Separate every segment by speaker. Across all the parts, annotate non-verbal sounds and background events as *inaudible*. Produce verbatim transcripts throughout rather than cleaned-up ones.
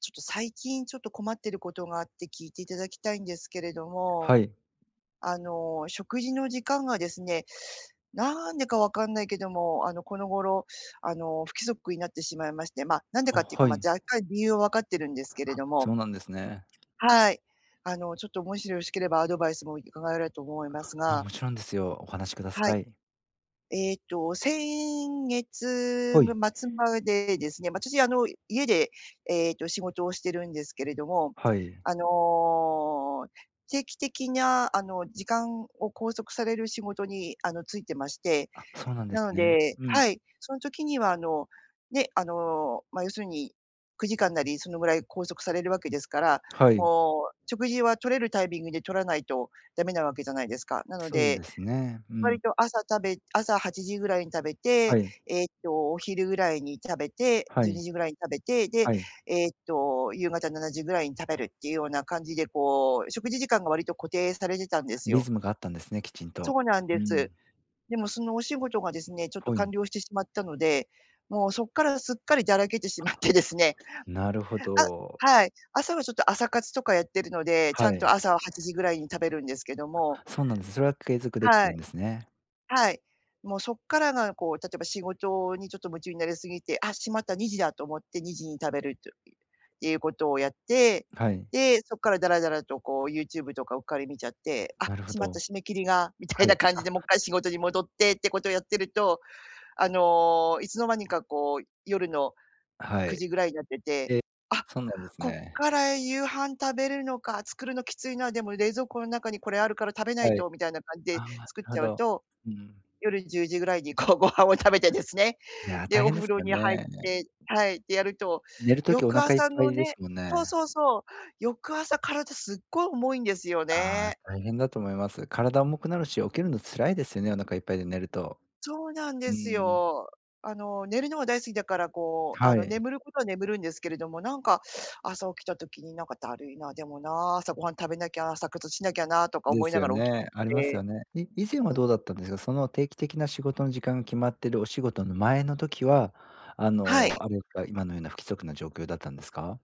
Speaker 1: ちょっと最近、ちょっと困ってることがあって聞いていただきたいんですけれども。
Speaker 2: はい。
Speaker 1: あの、食事の時間がですね、なんでか分かんないけども、あの、この頃、あの、不規則になってしまいまして。ま、なんで
Speaker 2: あ、
Speaker 1: かっていうか、
Speaker 2: は
Speaker 1: ま、
Speaker 2: い。
Speaker 1: 若干理由は分かってるんですけれ
Speaker 2: あ、
Speaker 1: ども。
Speaker 2: そうなんですね。
Speaker 1: はい、あの、ちょっと、もしよろしければ、アドバイスもいかがえれと思います
Speaker 2: も
Speaker 1: が。
Speaker 2: もちろんですよ。お話しくだ
Speaker 1: は
Speaker 2: さ
Speaker 1: い。
Speaker 2: い。
Speaker 1: ええと、先月
Speaker 2: は
Speaker 1: も
Speaker 2: い。
Speaker 1: 末までですね。ま、私、あの、家で、ええと、仕事をしてるんですけれども、
Speaker 2: はい。
Speaker 1: あの、定期的な、あの、時間を拘束される仕事に、あの、就いてまして。
Speaker 2: あ、そうなんです
Speaker 1: なの
Speaker 2: ね。
Speaker 1: で
Speaker 2: うん。
Speaker 1: はい。その時には、あの、ね、あの、ま、要するにくじかんなり、そのぐらい拘束されるわけですから、
Speaker 2: はい。
Speaker 1: もう、食事はとれるタイミングでとらないと駄目なわけじゃないですか。なの
Speaker 2: そう
Speaker 1: で、
Speaker 2: ですね。う
Speaker 1: 割
Speaker 2: ん。
Speaker 1: と朝食べ朝はちじぐらいに食べ
Speaker 2: は
Speaker 1: て、
Speaker 2: い。
Speaker 1: ええと、お昼ぐらいに食べて
Speaker 2: は
Speaker 1: じゅうに
Speaker 2: い。
Speaker 1: じぐらいに食べて、で、
Speaker 2: はい。
Speaker 1: ええと、夕方ななじぐらいに食べるっていうような感じで、こう、食事時間が割と固定されてたんです
Speaker 2: リ
Speaker 1: よ。
Speaker 2: ズムがあったんですね、きちん
Speaker 1: そ
Speaker 2: と。
Speaker 1: うなんで
Speaker 2: う
Speaker 1: す。
Speaker 2: ん。
Speaker 1: でもそのお仕事がですね、ちょっと
Speaker 2: はい。
Speaker 1: 完了してしまったので。もうそっからすっかりだらけてしまってですね。
Speaker 2: なるほ
Speaker 1: あ
Speaker 2: ど。
Speaker 1: はい。朝はちょっと朝活とかやってるので、ち
Speaker 2: は
Speaker 1: ゃん
Speaker 2: い。
Speaker 1: と朝ははちじぐらいに食べるんですけども。
Speaker 2: そうなんです、それは継続できて
Speaker 1: は
Speaker 2: るん
Speaker 1: い。
Speaker 2: ですね。
Speaker 1: はい。もう、そっからが、こう、例えば仕事にちょっと夢中になりすぎて、あ、しまった、にじだと思って、にじに食べるというっていうことをやって。
Speaker 2: はい。
Speaker 1: で、そっからだらだらと、こう、YouTube とかうっかり見ちゃって。あ、
Speaker 2: なるほ
Speaker 1: しまっ
Speaker 2: ど。
Speaker 1: た締め切りが、みた
Speaker 2: は
Speaker 1: いな
Speaker 2: い、
Speaker 1: 感じ
Speaker 2: あ。
Speaker 1: で、もっ回仕事に戻ってってことをやってると、あの、いつの間にか、こう、夜の
Speaker 2: は
Speaker 1: く
Speaker 2: い。
Speaker 1: じぐらいになってて。
Speaker 2: え、
Speaker 1: あ、
Speaker 2: そうなんです
Speaker 1: こっ
Speaker 2: ね。
Speaker 1: から夕飯食べるのか、作るのきついな、でも冷蔵庫の中にこれあるから食べない
Speaker 2: はい。
Speaker 1: と、みたいな感じで
Speaker 2: あ、なる
Speaker 1: 作っ
Speaker 2: ほ
Speaker 1: ちゃう
Speaker 2: ど。
Speaker 1: と、
Speaker 2: うん。
Speaker 1: 夜よるのじゅうじぐらいに、こう、ご飯を食べてですね、
Speaker 2: いや、
Speaker 1: で、
Speaker 2: 大
Speaker 1: お
Speaker 2: 変で
Speaker 1: 風
Speaker 2: す
Speaker 1: 呂
Speaker 2: よ
Speaker 1: に入っ
Speaker 2: ね。
Speaker 1: てはい、でやると、
Speaker 2: 寝るときお
Speaker 1: 翌
Speaker 2: 腹いっ
Speaker 1: 朝
Speaker 2: ぱ
Speaker 1: の
Speaker 2: いで
Speaker 1: ね
Speaker 2: すもん
Speaker 1: そう
Speaker 2: ね。
Speaker 1: そうそう、翌朝、体すっごい重いんですよ
Speaker 2: ああ、
Speaker 1: ね。
Speaker 2: 大変だと思います。体重くなるし、起きるの辛いですよね、お腹いっぱいで寝ると。
Speaker 1: そうなん
Speaker 2: う
Speaker 1: です
Speaker 2: ん。
Speaker 1: よ。あの、寝るのが大好きだから、こう、あ
Speaker 2: は
Speaker 1: の、
Speaker 2: い。
Speaker 1: 眠ることは眠るんですけれども、なんか、朝起きた時になんかだるいな、でもな、朝ごはん食べなきゃ、朝活しなきゃな、とか
Speaker 2: で
Speaker 1: 思い
Speaker 2: す
Speaker 1: な
Speaker 2: よ
Speaker 1: がら起き
Speaker 2: ね。あります
Speaker 1: て。
Speaker 2: よね。え、以前は
Speaker 1: うん
Speaker 2: どうだ
Speaker 1: う
Speaker 2: っ
Speaker 1: ん。
Speaker 2: たんですか？その、定期的な仕事の時間が決まっているお仕事の前の時は、あ
Speaker 1: は
Speaker 2: の、
Speaker 1: い。
Speaker 2: あれですか。今のような不規則な状況だったんですか？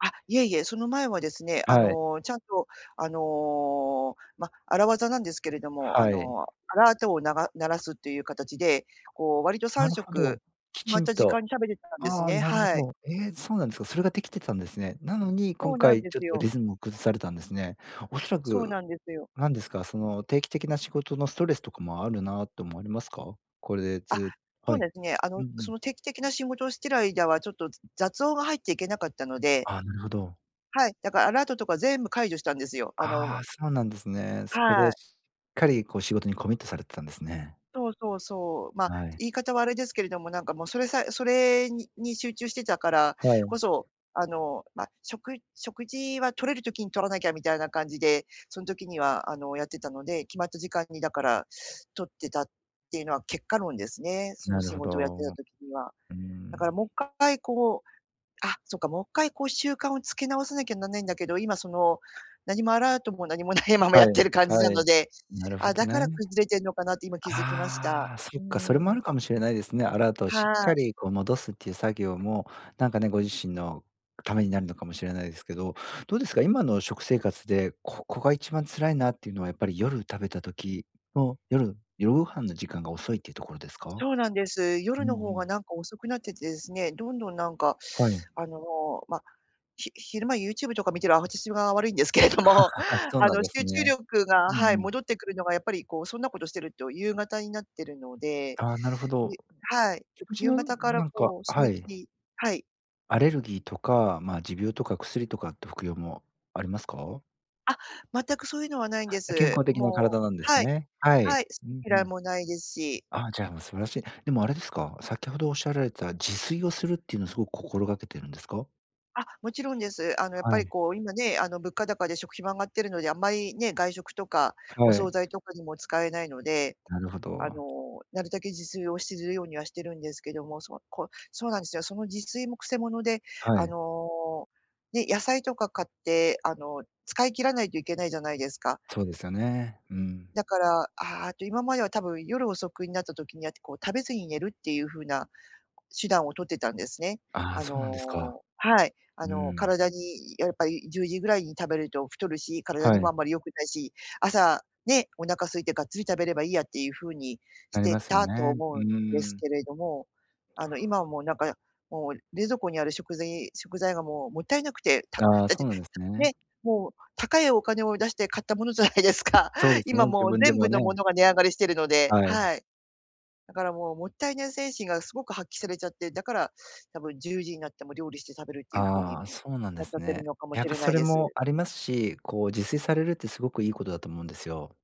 Speaker 1: あ、いえいえ、その前はですね、あ
Speaker 2: はい。
Speaker 1: の、ちゃんと、あの、ま、荒技なんですけれども、あ
Speaker 2: はい。
Speaker 1: の、アラートを鳴らすという形で、こう、割とさ
Speaker 2: な
Speaker 1: ん
Speaker 2: る
Speaker 1: しょ
Speaker 2: ほど。
Speaker 1: く
Speaker 2: き
Speaker 1: 決ま
Speaker 2: ち
Speaker 1: っ
Speaker 2: ん
Speaker 1: た時
Speaker 2: と。
Speaker 1: 間に食べてたんです
Speaker 2: ああ、
Speaker 1: ね、
Speaker 2: なるほ
Speaker 1: はい。
Speaker 2: ど。ええ、そうなんですか？それが出来たんですね。なのに、今
Speaker 1: そうなん
Speaker 2: 回
Speaker 1: で
Speaker 2: ちょっ
Speaker 1: す
Speaker 2: と、
Speaker 1: よ。
Speaker 2: リズムを崩されたんですね。恐ら
Speaker 1: そう
Speaker 2: く
Speaker 1: なんですよ。
Speaker 2: なんですか、その定期的な仕事のストレスとかもあるな、と思われますか？これで
Speaker 1: あ、
Speaker 2: ずっと
Speaker 1: そ
Speaker 2: は
Speaker 1: う
Speaker 2: い。
Speaker 1: ですね。あ
Speaker 2: うん
Speaker 1: の、
Speaker 2: うん。
Speaker 1: その定期的な仕事をしている間は、ちょっと雑音が入っちゃいけなかったので。
Speaker 2: あ、なるほど。
Speaker 1: はい、だから、アラートとか全部解除したんですよ、あのう
Speaker 2: ああ、
Speaker 1: む。
Speaker 2: そうなんですね。そこで、
Speaker 1: はい。
Speaker 2: しっかり、こう、仕事にコミットされてたんですね。
Speaker 1: そうそうそう。ま、
Speaker 2: はい。
Speaker 1: 言い方は、あれですけれども、なんかもう、それさえそれに集中してたから
Speaker 2: はい。
Speaker 1: こそ、あの、ま、食食事は取れる時に取らなきゃみたいな感じで、その時にはあのやってたので、決まった時間に、だから取ってたって言うのは結果論ですね、その
Speaker 2: なる
Speaker 1: 仕
Speaker 2: ほ
Speaker 1: 事をやって
Speaker 2: ど、
Speaker 1: た
Speaker 2: う
Speaker 1: 時には。
Speaker 2: ー
Speaker 1: だから、
Speaker 2: ん。
Speaker 1: もっかいこう、あ、そうか、もっかい、こう、習慣をつけ直さなきゃならないんだけど、今、その何もアラートも何もないままや
Speaker 2: は
Speaker 1: って
Speaker 2: い、
Speaker 1: る感じな
Speaker 2: はい。
Speaker 1: ので、
Speaker 2: なるほ
Speaker 1: あ、
Speaker 2: ど
Speaker 1: だから
Speaker 2: ね。
Speaker 1: 崩れてるのかなって、今気づきました。
Speaker 2: ああ。そ
Speaker 1: う
Speaker 2: っ
Speaker 1: ー
Speaker 2: か、それもある
Speaker 1: ん。
Speaker 2: かもしれないですね。アラートをし
Speaker 1: は
Speaker 2: っか
Speaker 1: い。
Speaker 2: り、こう、戻すって言う作業もなんかね、ご自身の為になるのかもしれないですけど。どうですか？今の食生活で、ここがいちばん辛いなって言うのは、やっぱり夜食べた時の、夜夜ご飯の時間が遅いって言うところですか？
Speaker 1: そうなんです。
Speaker 2: うん
Speaker 1: 夜
Speaker 2: う
Speaker 1: の方が、
Speaker 2: ん。
Speaker 1: なんか遅くなっててですね。どんどん、なんか、
Speaker 2: はい。
Speaker 1: あの、ま、ひ昼間 YouTube とか見てる私が悪いんですけれども、
Speaker 2: *laughs* そう
Speaker 1: あ
Speaker 2: なん
Speaker 1: の、
Speaker 2: です
Speaker 1: 集中
Speaker 2: ね。
Speaker 1: 力
Speaker 2: う
Speaker 1: が
Speaker 2: んう
Speaker 1: はい、
Speaker 2: ん。
Speaker 1: 戻ってくるのがやっぱり、こう、そんな事してると、夕方になってるので。
Speaker 2: ああ、なるほど。
Speaker 1: で、はい、
Speaker 2: 食事
Speaker 1: 夕
Speaker 2: の
Speaker 1: 方から、
Speaker 2: なんか
Speaker 1: こう、締
Speaker 2: は
Speaker 1: め切
Speaker 2: い。
Speaker 1: りはい。
Speaker 2: アレルギーとか、ま、持病とか薬とかって服用もありますか？
Speaker 1: あ、全くそういうのはないんで
Speaker 2: あ、健
Speaker 1: す。
Speaker 2: 康的な
Speaker 1: も
Speaker 2: 体
Speaker 1: う
Speaker 2: なんです
Speaker 1: はい、
Speaker 2: ね。は
Speaker 1: はい、
Speaker 2: い。う
Speaker 1: 好き
Speaker 2: んう
Speaker 1: 嫌い
Speaker 2: ん。
Speaker 1: もないですし。
Speaker 2: あ、じゃあ、もう素晴らしい。でもあれですか？先ほどおっしゃられた自炊をするっていうのすごく心がけてるんですか？
Speaker 1: あ、もちろんです。あの、やっ
Speaker 2: は
Speaker 1: ぱり、
Speaker 2: い。
Speaker 1: こう、今ね、あの、物価高で食費も上がってるので、あんまりね、外食とかお
Speaker 2: は
Speaker 1: 惣
Speaker 2: い。
Speaker 1: 菜とかにも使えないので、
Speaker 2: なるほ
Speaker 1: あ
Speaker 2: ど。
Speaker 1: の、なるたけ自炊をしするようにはしてるんですけども、そ、こ、そうなんですよ。その自炊もくせ者で、
Speaker 2: は
Speaker 1: あ
Speaker 2: い。
Speaker 1: の、ね、野菜とか買って、あの、使い切らないといけないじゃないですか。
Speaker 2: そうですよね。うん。
Speaker 1: だから、ああっと今までは多分夜遅くになった時にやって、こう、食べずに寝るっていう風な手段を取ってたんですね。
Speaker 2: ああ、
Speaker 1: あ
Speaker 2: そうなんですか？
Speaker 1: の、はい、あ
Speaker 2: うー
Speaker 1: の、
Speaker 2: ん。
Speaker 1: 体にやっぱりじゅうじぐらいに食べると太るし、体
Speaker 2: は
Speaker 1: にも
Speaker 2: い。
Speaker 1: あんまり良くないし、朝ね、お腹空いてがっつり食べればいいやっていう風にし
Speaker 2: あり
Speaker 1: て
Speaker 2: ますよ
Speaker 1: たと
Speaker 2: ね。
Speaker 1: 思
Speaker 2: う
Speaker 1: うんです
Speaker 2: ーん。
Speaker 1: けれども、あの、今はもう、なんか、もう、冷蔵庫にある食ぜい食材がもうもったいなくて、ただ
Speaker 2: ああ、
Speaker 1: っ
Speaker 2: そ
Speaker 1: て、
Speaker 2: うなんですね。
Speaker 1: ね、もう、高いお金を出して買ったものじゃないですか。
Speaker 2: そうですね、
Speaker 1: 今
Speaker 2: 自
Speaker 1: もう
Speaker 2: 分で
Speaker 1: 全
Speaker 2: も
Speaker 1: 部のも
Speaker 2: ね。
Speaker 1: のが値上がりしてるので、
Speaker 2: はい。
Speaker 1: はい。だからもうもったいない精神がすごく発揮されちゃって、だから多分じゅうじになっても料理して食べるっていう風に
Speaker 2: ああ、そうなんで
Speaker 1: なっち
Speaker 2: す
Speaker 1: ゃって
Speaker 2: ね。
Speaker 1: るのかも
Speaker 2: やっ
Speaker 1: し
Speaker 2: ぱ
Speaker 1: れな
Speaker 2: そ
Speaker 1: い
Speaker 2: れ
Speaker 1: で
Speaker 2: も
Speaker 1: す。
Speaker 2: ありますし、こう、自炊されるってすごくいいことだと思うんですよ。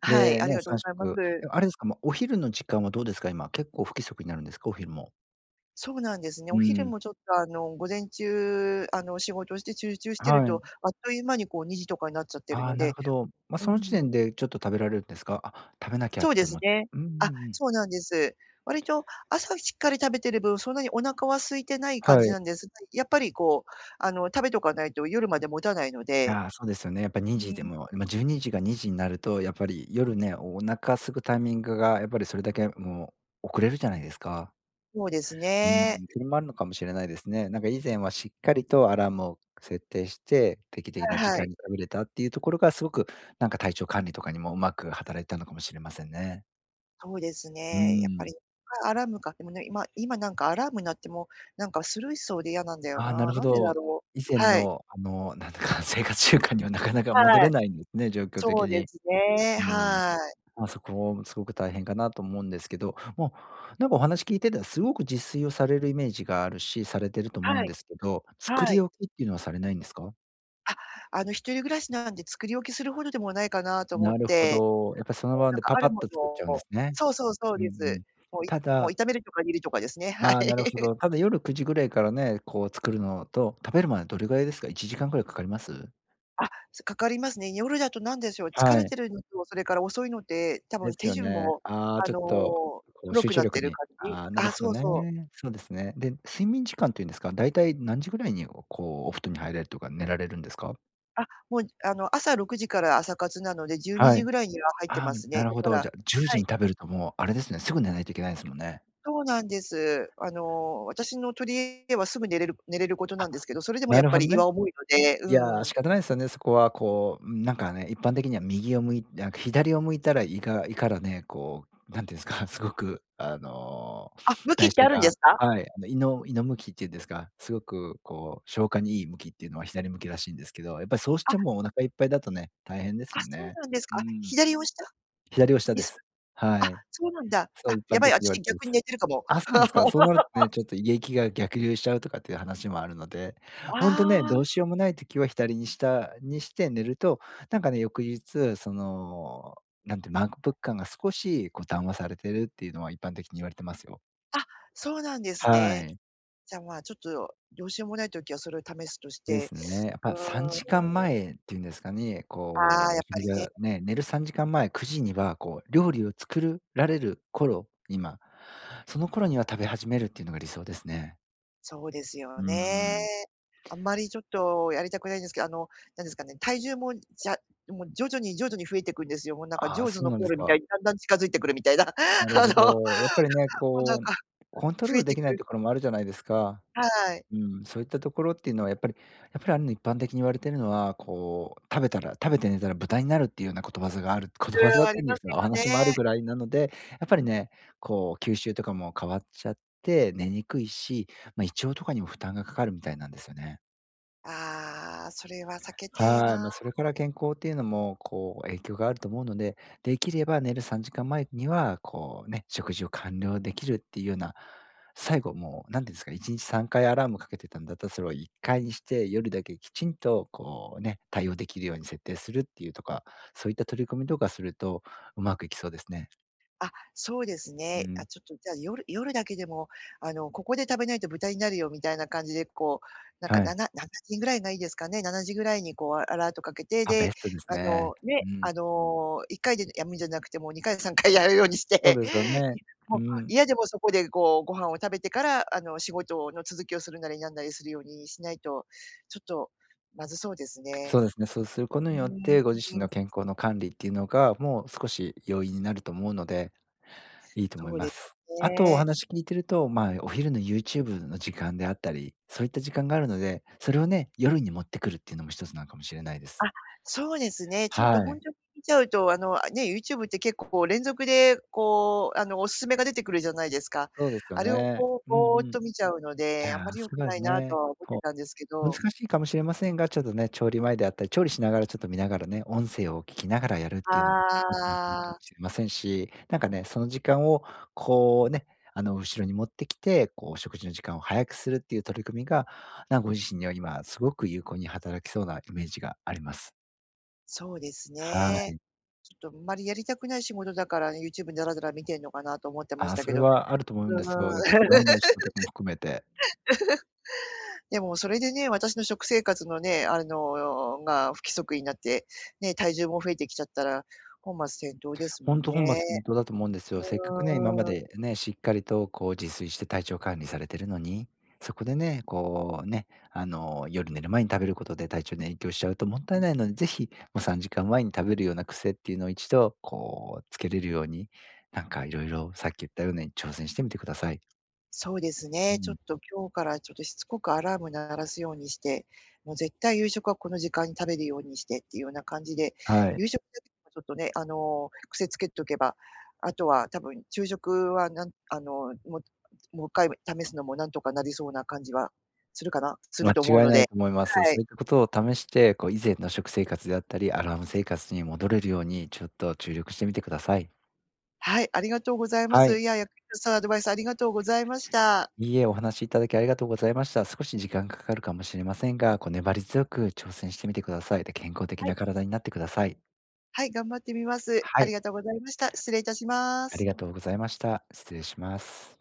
Speaker 1: はい、
Speaker 2: で、
Speaker 1: あり
Speaker 2: ね、
Speaker 1: がとう
Speaker 2: さ
Speaker 1: ご
Speaker 2: んし
Speaker 1: ざ
Speaker 2: ょ
Speaker 1: いま
Speaker 2: く。
Speaker 1: す。
Speaker 2: ではあれですか、ま、お昼の時間はどうですか今？結構不規則になるんですか？お昼も。
Speaker 1: そうなんですね。
Speaker 2: う
Speaker 1: お昼
Speaker 2: ーん。
Speaker 1: もちょっと、あの午前中、あの仕事して集中してる
Speaker 2: は
Speaker 1: と、
Speaker 2: い。
Speaker 1: あっという間にこうにじとかになっちゃってる
Speaker 2: ああ、
Speaker 1: の
Speaker 2: なる
Speaker 1: で、
Speaker 2: ほど。ま、
Speaker 1: う
Speaker 2: その時
Speaker 1: ーん。
Speaker 2: 点でちょっと食べられるんですか？「あ、食べなきゃ」
Speaker 1: そ
Speaker 2: っ
Speaker 1: う
Speaker 2: て
Speaker 1: です
Speaker 2: 思って。
Speaker 1: ね。
Speaker 2: うんうん
Speaker 1: あ、
Speaker 2: うん。
Speaker 1: そうなんです。割と朝しっかり食べてる分、そんなにお腹は空いてない感
Speaker 2: は
Speaker 1: じ
Speaker 2: い。
Speaker 1: なんですが、やっぱりこう、あの食べとかないと夜まで持たないので、
Speaker 2: ああ、そうですよね。やっぱに
Speaker 1: う
Speaker 2: じ
Speaker 1: ん。
Speaker 2: でも、ま、じゅうにじがにじになると、やっぱり夜ね、お腹空くタイミングがやっぱりそれだけもう遅れるじゃないですか。
Speaker 1: そうです
Speaker 2: うー
Speaker 1: ね。
Speaker 2: ん、それもあるのかもしれないですね。なんか以前はしっかりとアラームを設定して、定期的
Speaker 1: ああ、
Speaker 2: な時
Speaker 1: は
Speaker 2: 間
Speaker 1: い。
Speaker 2: に食べれたっていうところがすごくなんか体調管理とかにもうまく働いたのかもしれませんね。
Speaker 1: そうです
Speaker 2: う
Speaker 1: ね。やっぱ
Speaker 2: ーん。
Speaker 1: りかアラームか、でもね、今今なんかアラームになっても、なんかスルーしそうで嫌なんだよ
Speaker 2: ああ、な
Speaker 1: な。
Speaker 2: るほ
Speaker 1: なんでだ
Speaker 2: ど。
Speaker 1: ろう、
Speaker 2: 以前
Speaker 1: はい。
Speaker 2: のあのなんだか、生活習慣にはなかなか戻
Speaker 1: は
Speaker 2: れ
Speaker 1: い。
Speaker 2: ないんですね、状況
Speaker 1: そ
Speaker 2: 的
Speaker 1: うで
Speaker 2: に。
Speaker 1: すね、
Speaker 2: うーん。
Speaker 1: はーい。
Speaker 2: まあ、そこもすごく大変かなと思うんですけど、もうなんかお話聞いてたらすごく自炊をされるイメージがあるし、されてると思う
Speaker 1: は
Speaker 2: ん
Speaker 1: い。
Speaker 2: ですけど、作
Speaker 1: は
Speaker 2: り
Speaker 1: い。
Speaker 2: 置きっていうのはされないんですか？
Speaker 1: あ、あの一人暮らしなんで作り置きするほどでもないかなと思
Speaker 2: な
Speaker 1: っ
Speaker 2: るほ
Speaker 1: て。
Speaker 2: ど。やっぱりその
Speaker 1: こう、
Speaker 2: 場
Speaker 1: なん
Speaker 2: で
Speaker 1: か、
Speaker 2: パ
Speaker 1: あ
Speaker 2: パ
Speaker 1: る
Speaker 2: ッ
Speaker 1: も
Speaker 2: と作っちゃうんで
Speaker 1: の
Speaker 2: すね。
Speaker 1: そうそう、そう
Speaker 2: うんう
Speaker 1: で
Speaker 2: ん。
Speaker 1: す。もう、い
Speaker 2: た
Speaker 1: もう
Speaker 2: だ
Speaker 1: 炒めるとか煮るとかですね、はい。
Speaker 2: ああ、なるほ
Speaker 1: *laughs*
Speaker 2: ど。ただ夜くじぐらいからね、こう、作るのと、食べるまでどれぐらいですか？いちじかんぐらいかかります？
Speaker 1: あ、そ、かかりますね。夜だと何でしょう、疲
Speaker 2: は
Speaker 1: れ
Speaker 2: い。
Speaker 1: てるのと、それから遅いので、多
Speaker 2: で
Speaker 1: 分
Speaker 2: す
Speaker 1: 手
Speaker 2: よ
Speaker 1: 順
Speaker 2: ね。
Speaker 1: も、
Speaker 2: ああ、
Speaker 1: あ
Speaker 2: ちょっ
Speaker 1: の、
Speaker 2: と、
Speaker 1: と
Speaker 2: こう、
Speaker 1: ろ
Speaker 2: 集
Speaker 1: く
Speaker 2: 中
Speaker 1: なっ
Speaker 2: 力
Speaker 1: てる
Speaker 2: に。
Speaker 1: 感じ。
Speaker 2: ああ、なる
Speaker 1: あ、
Speaker 2: ほど
Speaker 1: そうそう。
Speaker 2: ね。そうですね。で、睡眠時間ていうんですか、だいたい何時ぐらいに、おこうお布団に入れるとか、寝られるんですか？
Speaker 1: あ、もう、あの、朝ろくじから朝活なので、じゅうに
Speaker 2: は
Speaker 1: じ
Speaker 2: い。
Speaker 1: ぐらいには入って
Speaker 2: ああ、
Speaker 1: ま
Speaker 2: む、
Speaker 1: す
Speaker 2: な
Speaker 1: ね。
Speaker 2: る
Speaker 1: だ
Speaker 2: ほ
Speaker 1: か
Speaker 2: ど。じ
Speaker 1: ら
Speaker 2: ゃ、じゅう
Speaker 1: は
Speaker 2: じ
Speaker 1: い。
Speaker 2: に食べるともう、あれですね、すぐ寝ないといけないですもんね。
Speaker 1: そうなんです。あの、私の取柄ではすぐ寝れる寝れることな
Speaker 2: あ、
Speaker 1: んですけど、それでも
Speaker 2: な
Speaker 1: やっ
Speaker 2: る
Speaker 1: ぱ
Speaker 2: ほど
Speaker 1: り胃
Speaker 2: ね。
Speaker 1: は重いので、
Speaker 2: いや、
Speaker 1: うん。
Speaker 2: 仕方ないっすよね、そこは、こう、ん、なんかね、一般的には右を向いなんか、左を向いたら胃が胃からね、こう、何て言うんすか、すごく、あの、
Speaker 1: あ、向きっ
Speaker 2: 代
Speaker 1: て
Speaker 2: 謝
Speaker 1: あるんで
Speaker 2: が
Speaker 1: すか？
Speaker 2: はい、あの、胃の胃の向きっていうんですか、すごく、こう、消化にいい向きっていうのは左向きらしいんですけど。やっぱ、そうし
Speaker 1: あ。
Speaker 2: ちぇもお腹いっぱいだとね、大変です
Speaker 1: あ、
Speaker 2: もん
Speaker 1: そう
Speaker 2: ね。
Speaker 1: なんです
Speaker 2: う
Speaker 1: か。
Speaker 2: ーん。
Speaker 1: 左を下？
Speaker 2: 左を下
Speaker 1: に
Speaker 2: で
Speaker 1: す
Speaker 2: す。
Speaker 1: あ、
Speaker 2: はい。
Speaker 1: そうなんだ。
Speaker 2: そう
Speaker 1: あ、
Speaker 2: 一般
Speaker 1: やばい。
Speaker 2: 的に言われ
Speaker 1: 私
Speaker 2: てま
Speaker 1: 逆に
Speaker 2: す。
Speaker 1: 寝てるかも。
Speaker 2: あ、そうなんですか。そうなるとね、
Speaker 1: *laughs*
Speaker 2: ちょっと胃液が逆流しちゃうとかっていう話もあるので、本当ね、
Speaker 1: あ
Speaker 2: ど
Speaker 1: あ。
Speaker 2: うしようもない時は左に下にして寝ると、なんかね、翌日、その、なんてまんくぷく感が少し、こう、だんわされているっていうのは一般的に言われてますよ。
Speaker 1: あ、そうなんです
Speaker 2: は
Speaker 1: ね。
Speaker 2: い。
Speaker 1: じゃ、まあちょっとどうしようもない時はそれを試すとし
Speaker 2: で
Speaker 1: て、
Speaker 2: すね。やっ
Speaker 1: う
Speaker 2: ぱさんじかん
Speaker 1: ーん。
Speaker 2: 前っていうんですかね、
Speaker 1: ああ、
Speaker 2: こ
Speaker 1: や
Speaker 2: う
Speaker 1: っぱ
Speaker 2: 食事
Speaker 1: りね。
Speaker 2: が、ね、寝るさんじかん前、くじにはこう料理を作るられる頃に、ま、その頃には食べ始めるっていうのが理想ですね。
Speaker 1: そうです
Speaker 2: う
Speaker 1: よ
Speaker 2: ー
Speaker 1: ね。
Speaker 2: ん。
Speaker 1: あんまりちょっとやりたくないんですけど、あのなんですかね、体重もじゃもう徐々に徐々に増えてくんですよ。もうなんかジ
Speaker 2: あ
Speaker 1: ョ
Speaker 2: あ、
Speaker 1: ーズ
Speaker 2: そう
Speaker 1: の
Speaker 2: なん
Speaker 1: コ
Speaker 2: で
Speaker 1: ー
Speaker 2: す
Speaker 1: ルみた
Speaker 2: か。
Speaker 1: いにだんだん近づいてくるみたいな *giggles* あ
Speaker 2: なるほ
Speaker 1: の、も
Speaker 2: ど。やっぱりね、
Speaker 1: うなん
Speaker 2: こう、
Speaker 1: か
Speaker 2: コントロ
Speaker 1: 増
Speaker 2: ール
Speaker 1: え
Speaker 2: で
Speaker 1: て
Speaker 2: きな
Speaker 1: く
Speaker 2: い
Speaker 1: る。
Speaker 2: ところもあるじゃないですか。
Speaker 1: はい。
Speaker 2: うん、そういったところっていうのは、やっぱりやっぱり、あの一般的に言われてるのは、こう食べたら食べて寝たら豚になるっていうような諺がある諺だっ
Speaker 1: や、あ
Speaker 2: た
Speaker 1: り
Speaker 2: んで
Speaker 1: ま
Speaker 2: す
Speaker 1: す
Speaker 2: か、お
Speaker 1: よ
Speaker 2: 話もある
Speaker 1: ね。
Speaker 2: ぐらいなので、やっぱりね、こう吸収とかも変わっちゃって寝にくいし、ま、胃腸とかにも負担がかかるみたいなんですよね。
Speaker 1: ああ、それは避けてえ
Speaker 2: はい、
Speaker 1: なあ。
Speaker 2: ま、それから健康っていうのもこう影響があると思うので、できれば寝るさんじかん前にはこう、ね、食事を完了できるっていうような、最後もう何て言うんですかいちにちさんかいアラームかけてたんだったら、それをいっかいにして夜だけきちんとこう、ね、対応できるように設定するっていうとか、そういった取り組みとかするとうまくいきそうですね。
Speaker 1: あ、そうです
Speaker 2: う
Speaker 1: ね。あ、
Speaker 2: ん。
Speaker 1: ちょっとじゃあ夜夜だけでも、あの「ここで食べないと豚になるよ」みたいな感じで、こう、なんか
Speaker 2: は
Speaker 1: な
Speaker 2: い。
Speaker 1: な何時ぐらいがいいですかね、ななじぐらいにこうアラートかけて、
Speaker 2: あ、ベ
Speaker 1: で、
Speaker 2: ストです
Speaker 1: あ
Speaker 2: ね。
Speaker 1: の
Speaker 2: う
Speaker 1: ね、
Speaker 2: ん。
Speaker 1: あのいっかいでやむんじゃなくてもうにかいさんかいやるようにし
Speaker 2: そう
Speaker 1: て、
Speaker 2: ですよね。う
Speaker 1: もう
Speaker 2: ん。
Speaker 1: 嫌でもそこでこうご飯を食べてから、あの仕事の続きをするなりなんなりするようにしないと、ちょっとまずそうです
Speaker 2: そう
Speaker 1: ね。
Speaker 2: ですね、そうすること
Speaker 1: うー
Speaker 2: に
Speaker 1: ん。
Speaker 2: よって、ご自身
Speaker 1: うう
Speaker 2: の
Speaker 1: ん。
Speaker 2: 健康の管理っていうのが、もう少し容易になると思うので、いいと思い
Speaker 1: そう
Speaker 2: ま
Speaker 1: で
Speaker 2: す。
Speaker 1: す
Speaker 2: あとお
Speaker 1: ね。
Speaker 2: 話聞いてると、ま、お昼のユーチューブの時間であったり、そういった時間があるので、それをね、夜に持ってくるっていうのも一つなのかもしれないです。
Speaker 1: あ、そうですね、ちょっ
Speaker 2: は
Speaker 1: と本
Speaker 2: い。
Speaker 1: 当に見ちゃうと、あの、あね、ユーチューブって結構こう連続でこうあのおすすめが出てくるじゃないですか。
Speaker 2: そうですよ
Speaker 1: あれを
Speaker 2: ね。
Speaker 1: こう
Speaker 2: うんう
Speaker 1: ぼっ
Speaker 2: ん。い
Speaker 1: と見ちゃうので、あん
Speaker 2: や、
Speaker 1: まり良
Speaker 2: す
Speaker 1: く
Speaker 2: が
Speaker 1: な
Speaker 2: ず
Speaker 1: いなと
Speaker 2: ね。
Speaker 1: は思って
Speaker 2: こ
Speaker 1: たんですけ
Speaker 2: う、難
Speaker 1: ど。
Speaker 2: しいかもしれませんが、ちょっとね、調理前であったり、調理しながらちょっと見ながらね、音声を聴きながらやるっていうのも *unintelligible* かも
Speaker 1: ああ。
Speaker 2: しれませんし、なんかね、その時間をこうね、あの後ろに持ってきて、こう食事の時間を早くするっていう取り組みが、なんかご自身には今すごく有効に働きそうなイメージがあります。
Speaker 1: そうです
Speaker 2: は
Speaker 1: ね。
Speaker 2: い。
Speaker 1: ちょっとあんまりやりたくない仕事だからね、ユーチューブ、ダラダラ観てんのかなと思ってまし
Speaker 2: あ、
Speaker 1: た
Speaker 2: そ
Speaker 1: け
Speaker 2: れ
Speaker 1: ど。う
Speaker 2: はあると思うん
Speaker 1: ー
Speaker 2: ですよ。
Speaker 1: ん。
Speaker 2: やっぱり *unintelligible* のお仕事も含めて。
Speaker 1: *laughs* でもそれでね、私の食生活のね、あのが不規則になって、ね、体重も増えてきちゃったら、本末転倒ですも
Speaker 2: 本
Speaker 1: ん
Speaker 2: 当、本
Speaker 1: ね。
Speaker 2: 末転倒だと思うんですよ。せっかくね、今ま
Speaker 1: うーん。
Speaker 2: でね、しっかりとこう自炊して体調管理されているのに、そこでねこうね、あの夜寝る前に食べることで体調に影響しちゃうともったいないので、ぜひ、もうさんじかんまえに食べるような癖っていうのを一度こうつけれるように、なんか色々、さっき言ったように挑戦してみて下さい。
Speaker 1: そうです
Speaker 2: う
Speaker 1: ね、ちょっ
Speaker 2: ん。
Speaker 1: と今日からちょっとしつこくアラーム鳴らすようにして、もう絶対夕食はこの時間に食べるようにしてっていうような感じで、
Speaker 2: はい。
Speaker 1: 夕食はちょっとね、あの、癖つけておけば、あとは多分昼食はなんあの、ももういっかい試すのも何とかなりそうな感じはするかな？する
Speaker 2: 間
Speaker 1: と思う
Speaker 2: 違い
Speaker 1: の
Speaker 2: な
Speaker 1: で。
Speaker 2: いと思います。
Speaker 1: は
Speaker 2: そ
Speaker 1: い。
Speaker 2: ういったことを試してこう、以前の食生活であったりアラーム生活に戻れるように、ちょっと注力してみてください。
Speaker 1: はい、ありがとうございま
Speaker 2: は
Speaker 1: す。
Speaker 2: い。
Speaker 1: いや、*unintelligible* アドバイスありがとうございました。
Speaker 2: いいえ、お話し頂きありがとうございました。少し時間かかるかも知れませんが、こう粘り強く挑戦してみて下さい。で、健康的
Speaker 1: はい。
Speaker 2: な身体になって下さい。
Speaker 1: はい、頑張ってみます。
Speaker 2: は
Speaker 1: あ
Speaker 2: い。
Speaker 1: りがとうございました。失礼しま
Speaker 2: あ
Speaker 1: す。
Speaker 2: りがとうございました。失礼します。